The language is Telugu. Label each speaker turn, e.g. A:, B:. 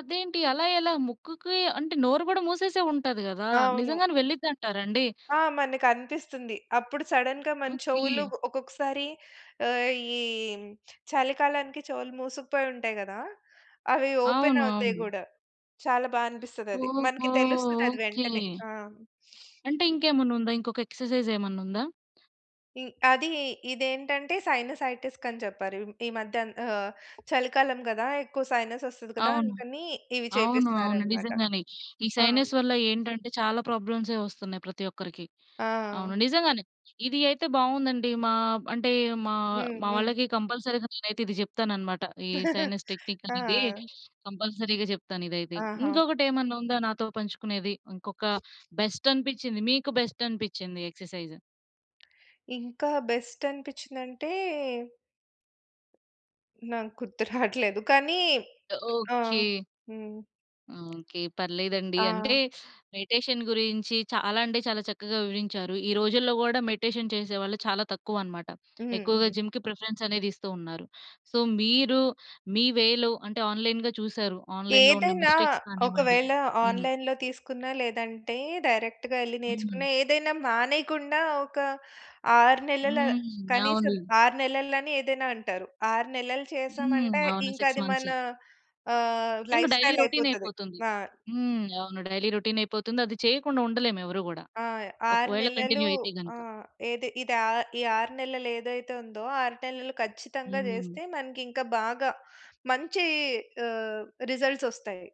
A: అదేంటి, అలా ఎలా ముక్కుకి అంటే, నోరు కూడా మూసేసే ఉంటది గదా!
B: అవును.
A: నిజంగానే వెళ్ళిద్దంటారండి?
B: ఆ! మనకు అనిపిస్తుంది. అప్పుడు సడెన్‌గా మన
A: ఓకే.
B: చెవులు ఒక్కొక్కసారి, ఆహ్, ఈ చలికాలానికి చెవులు మూసుకుపోయి ఉంటాయి కదా! అవి ఓపెన్
A: అవును.
B: అవుతాయి
A: అవును.
B: గూడా, చాలా బా అనిపిస్తదది,
A: ఓహో!
B: మనకు తెలుస్తది అది వెంటనే.
A: ఓకే.
B: ఆ!
A: అంటే, ఇంకేమన్నా ఉందా? ఇంకొక ఎక్‌సర్సైజ్ ఏమన్నా ఉందా?
B: ఇ అది ఇదేంటంటే, సైనసైటిస్ కని చెప్పారు. ఈ మధ్య ఆహ్, చలికాలం కదా! ఎక్కువ సైనస్ వొస్తది కదా!
A: అవును.
B: అందుకని, ఇవి
A: అవును. అవును
B: చేపిస్తున్నారన్నమాట.
A: నిజంగానే, ఈ
B: ఆ!
A: సైనస్ వల్ల ఏంటంటే, చాలా ప్రాబ్లమ్సే వొస్తున్నాయి ప్రతి ఒక్కరికి.
B: ఆ!
A: అవును, నిజంగానే ఇది అయితే బావుందండి. మా అంటే, మా
B: హ్మ్.
A: మా
B: హ్మ్.
A: వాళ్ళకి కంపల్సరీగా నేనైతే ఇది చెప్తానన్నమాట. ఈ సైనస్ టెక్నిక్
B: ఆ!
A: అనేది, కంపల్సరీగా చెప్తాను ఇదైతే.
B: ఆహా!
A: ఇంకొకటేమన్నా ఉందా నాతో పంచుకునేది? ఇంకొక బెస్ట్ అనిపించింది, మీకు బెస్ట్ అనిపించింది ఎక్‌సర్సైజ్?
B: ఇంకా బెస్ట్ అనిపించిందంటే! నాకు గుర్తు రాట్లేదు కానీ, ఆ!
A: ఓకే.
B: హ్మ్.
A: ఓకే. పర్లేదండి అంటే,
B: ఆ!
A: మెడిటేషన్ గురించి చాలా అంటే చాలా చక్కగా వివరించారు. ఈ రోజుల్లో కూడా మెడిటేషన్ చేసేవాళ్ళు చాలా తక్కువన్నమాట. ఎక్కువగా
B: హుహు.
A: జిమ్‌కి ప్రిఫరెన్స్ అనేది ఇస్తున్నారు. సో, మీరు మీ వేలో అంటే, ఆన్‌లైన్‌గా చూసారు. ఆన్‌లైన్‌లో ఉన్న
B: ఏదైనా,
A: మిస్టేక్స్ కానివ్వండి,
B: ఒకవేళ
A: హ్మ్.
B: ఆన్‌లైన్‌లో తీసుకున్న లేదంటే, డైరెక్ట్‌‌గా ఎళ్లి నేర్చుకున్న,
A: హ్మ్.
B: ఏదైనా మానేయకుండా ఒక 6 నెలల,
A: హ్మ్. అవును.
B: కనీసం 6 నెలలు అని ఏదైనా అంటారు. 6 నెలలు
A: హ్మ్.
B: చేసామంటే,
A: అవును
B: ఇంక
A: 6
B: అది
A: మంత్స్.
B: మన ఆహ్,
A: ఇంగా డైలీ
B: లైఫ్‌స్టైల్ అయిపోతది.
A: రోటినయిపోతుంది.
B: ఆ!
A: హ్మ్. అవును డైలీ రోటినయిపోతుంది, అది చేయకుండా ఉండలేము ఎవరు కూడా.
B: ఆ! 6
A: ఒకవేళ
B: నెలలు,
A: కంటిన్యూ అయితే
B: ఆ!
A: గనుక.
B: ఏది ఇది ఆ ఈ 6 నెలలు ఏదైతే ఉందో, 6 నెలలు ఖచ్చితంగా
A: హ్మ్.
B: చేస్తే మనకి ఇంకా బాగా, మంచి ఆహ్, రిజల్ట్స్ వొస్తాయి.